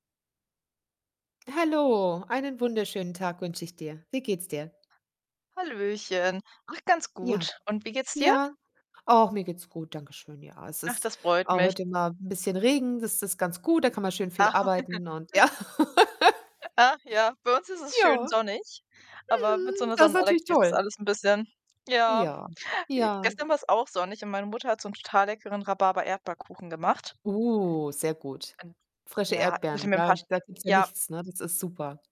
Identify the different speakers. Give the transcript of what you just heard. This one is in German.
Speaker 1: Hallo, einen wunderschönen Tag wünsche ich dir. Wie geht's dir?
Speaker 2: Hallöchen. Ach, ganz
Speaker 1: Ja,
Speaker 2: gut und wie geht's dir?
Speaker 1: ja, ach, mir geht's gut, danke schön. Ja, es
Speaker 2: Ach,
Speaker 1: ist
Speaker 2: das freut
Speaker 1: a
Speaker 2: mich.
Speaker 1: heute mal 'n bisschen Regen, das ist ganz gut. Da kann man schön viel
Speaker 2: Ach
Speaker 1: arbeiten und ja.
Speaker 2: ach ja, bei uns ist es
Speaker 1: Ja,
Speaker 2: schön sonnig, aber mit so
Speaker 1: mhm,
Speaker 2: 'ner
Speaker 1: das ist natürlich
Speaker 2: Sonnenallergie ist das
Speaker 1: toll.
Speaker 2: alles 'n bisschen ja.
Speaker 1: Ja,
Speaker 2: J
Speaker 1: ja.
Speaker 2: gestern war's auch sonnig und meine Mutter hat so 'n total leckeren Rhabarber-Erdbeerkuchen gemacht
Speaker 1: Oh, sehr gut.
Speaker 2: und
Speaker 1: Frische
Speaker 2: ja, ich hätte
Speaker 1: Erdbeeren,
Speaker 2: mir 'n
Speaker 1: da
Speaker 2: paar St
Speaker 1: da gibt's ja
Speaker 2: ja.
Speaker 1: nichts, ne? Das ist super.